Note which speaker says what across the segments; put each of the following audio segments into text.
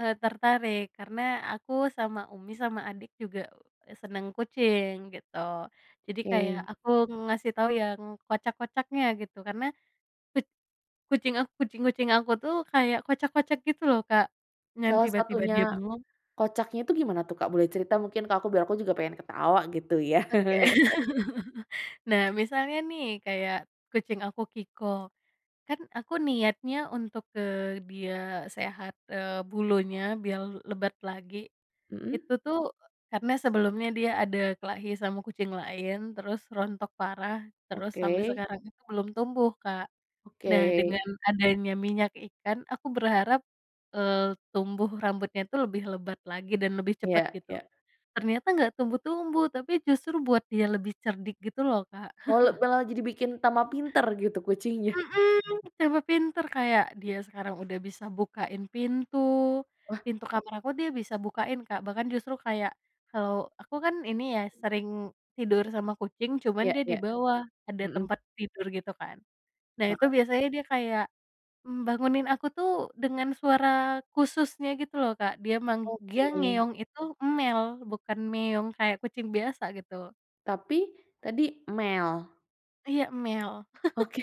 Speaker 1: E tertarik, karena aku sama Umi sama adik juga, e seneng kucing, gitu. Jadi kayak,
Speaker 2: Oke.
Speaker 1: aku ngasih tau yang kocak-kocaknya gitu, karena kuc kucing a kucing-kucing aku tuh kayak kocak-kocak gitu loh, Kak, yang
Speaker 2: Salah
Speaker 1: tiba-tiba
Speaker 2: satunya,
Speaker 1: dia bengong.
Speaker 2: kocaknya itu gimana tuh, Kak, boleh cerita mungkin ke aku biar aku juga pengen ketawa gitu ya.
Speaker 1: Oke. Nah, misalnya nih kayak kucing aku, Kiko, kan aku niatnya untuk, eee, dia sehat, eee, bulunya biar lebat lagi,
Speaker 2: Mhm.
Speaker 1: itu tuh karena sebelumnya dia ada kelahi sama kucing lain, terus rontok parah, terus sampai
Speaker 2: Oke.
Speaker 1: sekarang itu belum tumbuh, Kak. Nah dengan
Speaker 2: Oke.
Speaker 1: adanya minyak ikan, aku berharap, eee, tumbuh rambutnya itu lebih lebat lagi dan lebih cepet
Speaker 2: Iya
Speaker 1: gitu.
Speaker 2: iya.
Speaker 1: Ternyata nggak tumbuh-tumbuh, tapi justru buat dia lebih cerdik gitu loh, Kak.
Speaker 2: Oh malah jadi bikin tambah pinter gitu kucingnya.
Speaker 1: Mhm. Tambah pinter kayak dia sekarang udah bisa bukain pintu,
Speaker 2: Wah.
Speaker 1: pintu kamar aku dia bisa bukain, Kak, bahkan justru kayak, kalau aku kan ini ya, sering tidur sama kucing, cuman
Speaker 2: Ya
Speaker 1: dia di
Speaker 2: ya.
Speaker 1: bawah, ada
Speaker 2: Mhm.
Speaker 1: tempat tidur, gitu kan. Nah itu
Speaker 2: Heeh.
Speaker 1: biasanya dia kayak, mmm, bangunin aku tuh, dengan suara khususnya gitu loh, Kak, dia meng dia
Speaker 2: Oke.
Speaker 1: ngeong itu "mel", bukan "meong" kayak kucing biasa gitu.
Speaker 2: Tapi, tadi, "mel"?
Speaker 1: Iya, "emel".
Speaker 2: Oke,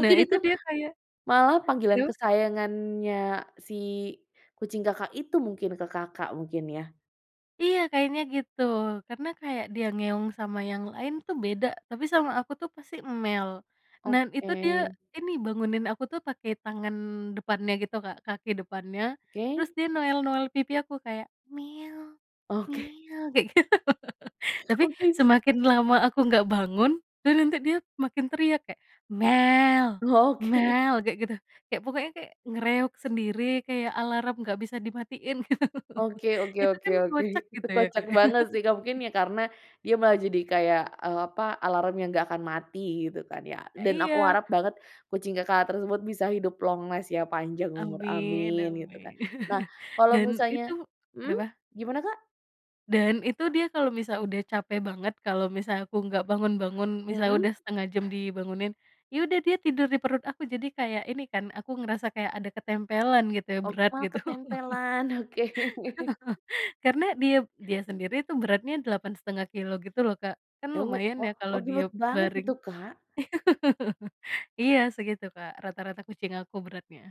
Speaker 1: Nah itu
Speaker 2: itu,
Speaker 1: dia kayak
Speaker 2: malah panggilan
Speaker 1: kenapa?
Speaker 2: kesayangannya si kucing Kakak itu mungkin ke Kakak, mungkin ya.
Speaker 1: Iya kayaknya gitu, karena kayak dia ngeong sama yang lain tuh beda, tapi sama aku tuh pasti "mel". Dan itu, dia
Speaker 2: Oke.
Speaker 1: ini bangunin aku tuh pakai tangan depannya gitu, Kak, kaki depannya,
Speaker 2: Oke.
Speaker 1: terus dia noel-noel pipi aku kayak, "mel-mel"
Speaker 2: Oke.
Speaker 1: kayak gitu. Tapi,
Speaker 2: Oke.
Speaker 1: semakin lama aku nggak bangun, dan nanti dia makin teriak kayak, "mel!
Speaker 2: Oke.
Speaker 1: mel!" kayak gitu, kayak pokoknya kayak nge-reog sendiri, kayak alarm nggak bisa dimatiin
Speaker 2: Oke oke
Speaker 1: gitu
Speaker 2: oke
Speaker 1: kan
Speaker 2: oke,
Speaker 1: kocak
Speaker 2: itu
Speaker 1: gitu ya,
Speaker 2: kocak
Speaker 1: Kak, ya.
Speaker 2: banget sih, Kak. Mungkin ya karena dia malah jadi kayak, eee, apa, alarmnya nggak akan mati gitu kan ya. Dan aku
Speaker 1: Iya.
Speaker 2: harap banget kucing Kakak tersebut bisa hidup long last ya, panjang umur,
Speaker 1: Amin
Speaker 2: amin gitu kan.
Speaker 1: amin.
Speaker 2: Nah kalau
Speaker 1: Dan itu
Speaker 2: misalnya hmm,
Speaker 1: kenapa
Speaker 2: gimana, Kak?
Speaker 1: Dan itu dia kalau misal udah capek banget, kalau misal aku enggak bangun-bangun misalnya
Speaker 2: Hmm.
Speaker 1: udah setengah jam dibangunin, ya udah dia tidur di perut aku. Jadi kayak ini kan, aku ngerasa kayak ada ketempelan gitu,
Speaker 2: Oh,
Speaker 1: berat
Speaker 2: malah
Speaker 1: gitu.
Speaker 2: ketempelan, oke.
Speaker 1: Karena dia dia sendiri tuh beratnya 8,5 kilogram gitu loh, Kak. Kan
Speaker 2: Oh,
Speaker 1: lumayan ya
Speaker 2: wah, oh,
Speaker 1: kalau dia
Speaker 2: nurut banget
Speaker 1: baring.
Speaker 2: itu, Kak.
Speaker 1: Iya segitu, Kak, rata-rata kucing aku beratnya.